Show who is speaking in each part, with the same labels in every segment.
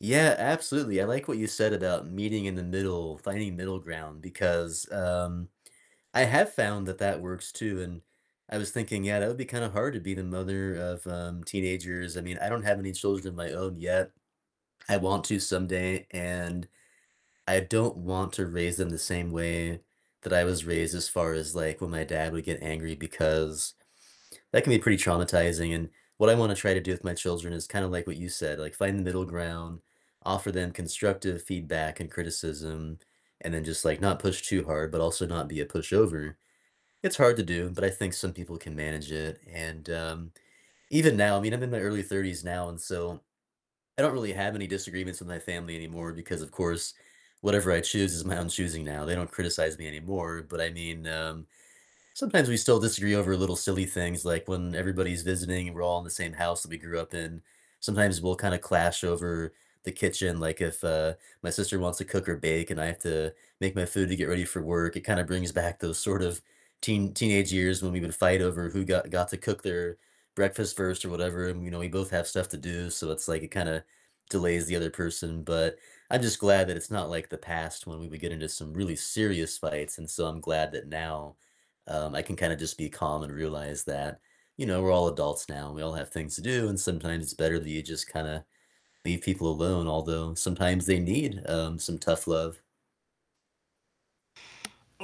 Speaker 1: Yeah, absolutely, I like what you said about meeting in the middle, finding middle ground, because, um, I have found that that works too, and I was thinking, yeah, that would be kinda hard to be the mother of, um, teenagers. I mean, I don't have any children of my own yet; I want to someday, and I don't want to raise them the same way that I was raised as far as like when my dad would get angry because that can be pretty traumatizing, and what I want to try to do with my children is kinda like what you said, like, find the middle ground, offer them constructive feedback and criticism, and then just, like, not push too hard, but also not be a pushover. It's hard to do, but I think some people can manage it, and, um, even now, I mean, I'm in my early 30s now, and so, I don't really have any disagreements with my family anymore because of course, whatever I choose is my own choosing now, they don't criticize me anymore, but I mean, um, sometimes we still disagree over little silly things like when everybody's visiting and we're all in the same house that we grew up in. Sometimes we'll kinda clash over the kitchen, like if, uh, my sister wants to cook or bake and I have to make my food to get ready for work, it kinda brings back those sort of teen teenage years when we would fight over who got got to cook their breakfast first or whatever, and, you know, we both have stuff to do, so it's like it kinda delays the other person, but I just glad that it's not like the past when we would get into some really serious fights, and so, I'm glad that now, um, I can kinda just be calm and realize that, you know, we're all adults now and we all have things to do, and sometimes it's better that you just kinda leave people alone. Although sometimes they need, um, some tough love.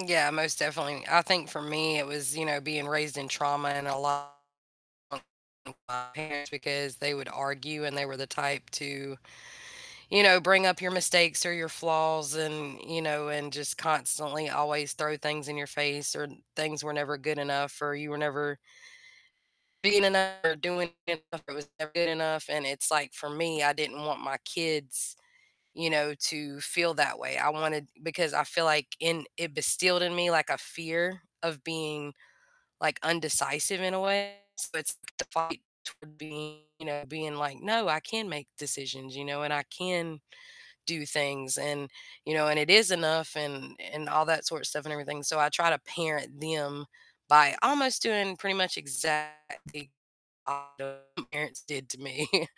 Speaker 2: Yeah, most definitely. I think for me it was, you know, being raised in trauma and a lot [unintelligible] our parents because they would argue and they were the type to, you know, bring up your mistakes or your flaws and, you know, and just constantly always throw things in your face, or things were never good enough, or you were never being enou or doing [unintelligible] was never good enough, and it's like, for me, I didn't want my kids, you know, to feel that way. I wanted because I feel like in it instilled in me, like, a fear of being, like, indecisive, in a way, so it's the fight toward being, you know being like, "No, I can make decisions, you know, and I can do things and you know, and it is enough," and and all that sort of stuff and everything, so I try to parent them by almost doing pretty much exactly [unintelligible] parents did to me.